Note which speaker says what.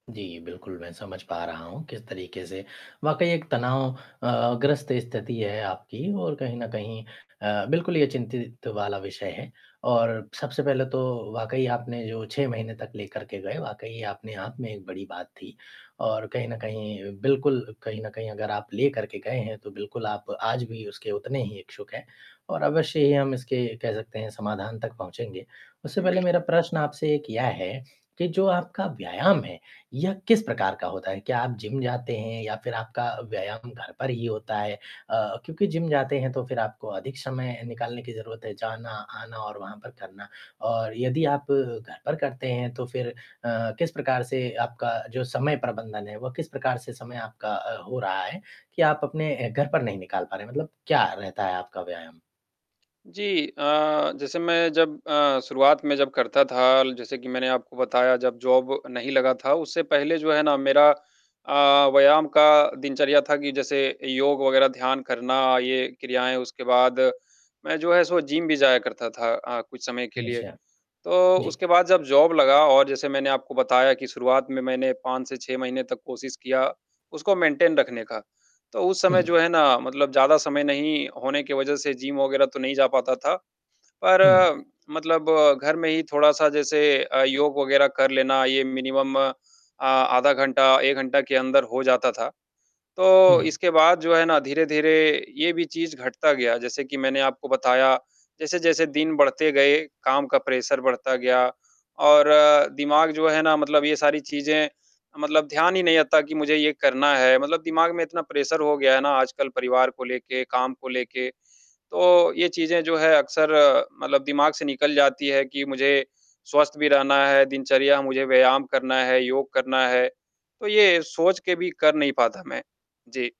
Speaker 1: जी बिल्कुल, मैं समझ पा रहा हूँ किस तरीके से वाक़ई एक तनाव अ अ, ग्रस्त स्थिति है आपकी और कहीं न कहीं अ, बिल्कुल ये चिंतित वाला विषय है और सबसे पहले तो वाक़ई आपने जो 6 महीने तक लेकर के गए वाक़ई अपने आप में एक बड़ी बात थी और कहीं न कहीं बिल्कुल कहीं न कहीं अगर आप लेकर के गए हैं, तो बिल्कुल आप आज भी उसके उतने ही इच्छुक हैं और अवश्य ही हम इसके कह सकते हैं समाधान तक पहुँचेंगे, उससे
Speaker 2: उम,
Speaker 1: पहले मेरा
Speaker 2: बिल्कुल।
Speaker 1: प्रश्न आपसे एक यह है, कि जो आपका व्यायाम है यह किस प्रकार का होता है? क्या आप जिम जाते हैं या फिर आपका व्यायाम घर पर ही होता है? अ, क्योंकि जिम जाते हैं तो फिर आपको अधिक समय निकालने की ज़रूरत है, जाना, आना और वहाँ पर करना और यदि आप घर पर करते हैं तो फिर अ अ, किस प्रकार से आपका जो समय प्रबंधन है वह किस प्रकार से समय आपका अ, हो रहा है कि आप अपने अ, घर पर नहीं निकाल पा रहे, मतलब क्या रहता है आपका व्यायाम?
Speaker 2: जी अ, जैसे मैं जब अ, शुरुआत में जब करता था ल जैसे कि मैंने आपको बताया जब जॉब नहीं लगा था, उससे पहले जो है ना मेरा अ, व्यायाम का दिनचर्या था कि जैसे योग वग़ैरह ध्यान करना, ये क्रियाएँ, उसके बाद मैं जो है सो जिम भी जाया करता था अ, कुछ समय के लिए,
Speaker 1: अच्छा।
Speaker 2: तो
Speaker 1: जी।
Speaker 2: उसके बाद जब जॉब लगा और जैसे मैंने आपको बताया कि शुरुआत में मैंने 5 से 6 महीने तक कोशिश किया, उसको मेंटेन रखने का, तो उस समय
Speaker 1: हुँ।
Speaker 2: जो है ना मतलब ज़्यादा समय नहीं होने की वजह से जिम वग़ैरह तो नहीं जा पाता था,
Speaker 1: हुँ।
Speaker 2: पर मतलब घर में ही थोड़ा-सा जैसे अ, योग वग़ैरह कर लेना, ये मिनिमम अ, आधा घंटा, 1 घंटा के अंदर हो जाता था, तो
Speaker 1: हुँ।
Speaker 2: इसके बाद जो है ना धीरे-धीरे ये भी चीज घटता गया, जैसे कि मैंने आपको बताया, जैसे-जैसे दिन बढ़ते गए, काम का प्रेशर बढता गया और दिमाग जो है ना मतलब ये सारी चीज़ें मतलब ध्यान ही नहीं रहता कि मुझे ये करना है मतलब दिमाग में इतना प्रेशर हो गया है ना आजकल परिवार को लेके, काम को लेके, तो ये चीज़ें जो हैं अक्सर मतलब दिमाग से निकल जाती है कि मुझे स्वस्थ भी रहना है, दिनचर्या मुझे व्यायाम करना है, योग करना है, तो ये सोच के भी कर नहीं पाता मैं। जी।